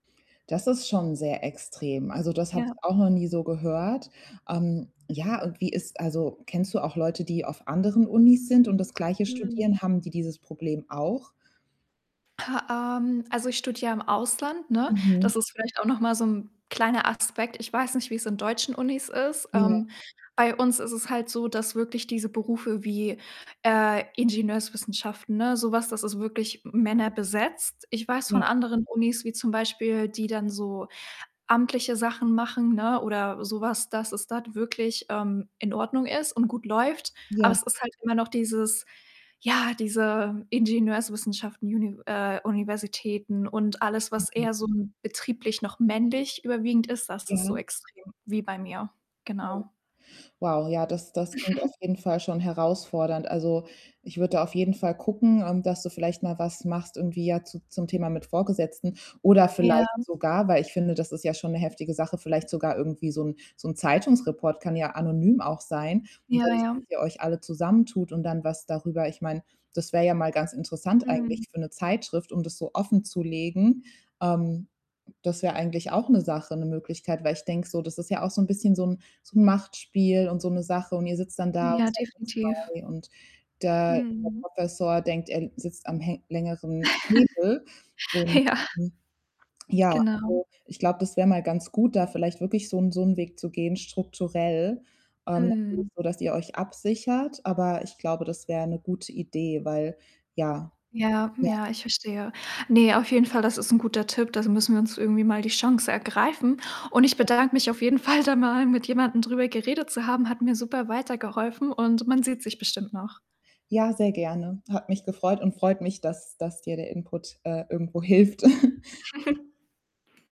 Das ist schon sehr extrem. Also, das habe ich Ja. auch noch nie so gehört. Ähm, ja, und wie ist also, kennst du auch Leute, die auf anderen Unis sind und das gleiche Mhm. studieren? Haben die dieses Problem auch? Ähm, also, ich studiere im Ausland, ne? Mhm. Das ist vielleicht auch noch mal so 'n kleiner Aspekt. Ich weiß nicht, wie es in deutschen Unis ist. Ja. Ähm, bei uns ist es halt so, dass wirklich diese Berufe wie, äh, Ingenieurswissenschaften, ne, so was, das ist wirklich männerbesetzt. Ich weiß Ja. von anderen Unis wie zum Beispiel, die dann so amtliche Sachen machen, ne, oder so was, dass es dort wirklich, ähm, in Ordnung ist und gut läuft. Aber Ja. es ist halt immer noch dieses ja, diese Ingenieurswissenschaften Univ äh, Universitäten und alles, was Mhm. eher so 'n betrieblich noch männlich überwiegend ist, das ist so Ja. extrem, wie bei mir, Oh. genau. Wow, ja, das das klingt auf jeden Fall schon herausfordernd. Also, ich würde da auf jeden Fall gucken, ähm, dass du vielleicht mal was machst irgendwie ja zu zum Thema mit Vorgesetzten oder Ja. vielleicht sogar weil ich finde, das ist ja schon 'ne heftige Sache, vielleicht sogar irgendwie so 'n so 'n Zeitungsreport kann ja anonym auch sein und Ja, dann wisst ihr, ja. dass ihr euch alle zusammentut und dann was darüber ich meine, das wäre ja mal ganz interessant Mhm. eigentlich für 'ne Zeitschrift, um das so offenzulegen. Ähm, das wäre eigentlich auch 'ne Sache, 'ne Möglichkeit, weil ich denke so, das ist ja auch so 'n bisschen so 'n so 'n Machtspiel und so 'ne Sache. Und ihr sitzt dann da und Ja, definitiv. [unintelligible] und der der Mhm. Professor denkt, er sitzt am hä längeren Hebel. Und, Ja. hm, ja, Genau. also, ich glaube, das wäre mal ganz gut, da vielleicht wirklich so 'n so 'n Weg zu gehen strukturell. Ähm, natürlich Mhm. so, dass ihr euch absichert, aber ich glaube, das wäre 'ne gute Idee, weil ja. Ja, Ja. ja, ich verstehe. Ne, auf jeden Fall, das ist 'n guter Tipp, das müssen wir uns irgendwie mal die Chance ergreifen. Und ich Ja. bedanke mich auf jeden Fall da mal, mit jemandem drüber geredet zu haben, hat mir super weitergeholfen und man sieht sich bestimmt noch. Ja, sehr gerne. Hat mich gefreut und freut mich, dass dass dir der Input, äh, irgendwo hilft.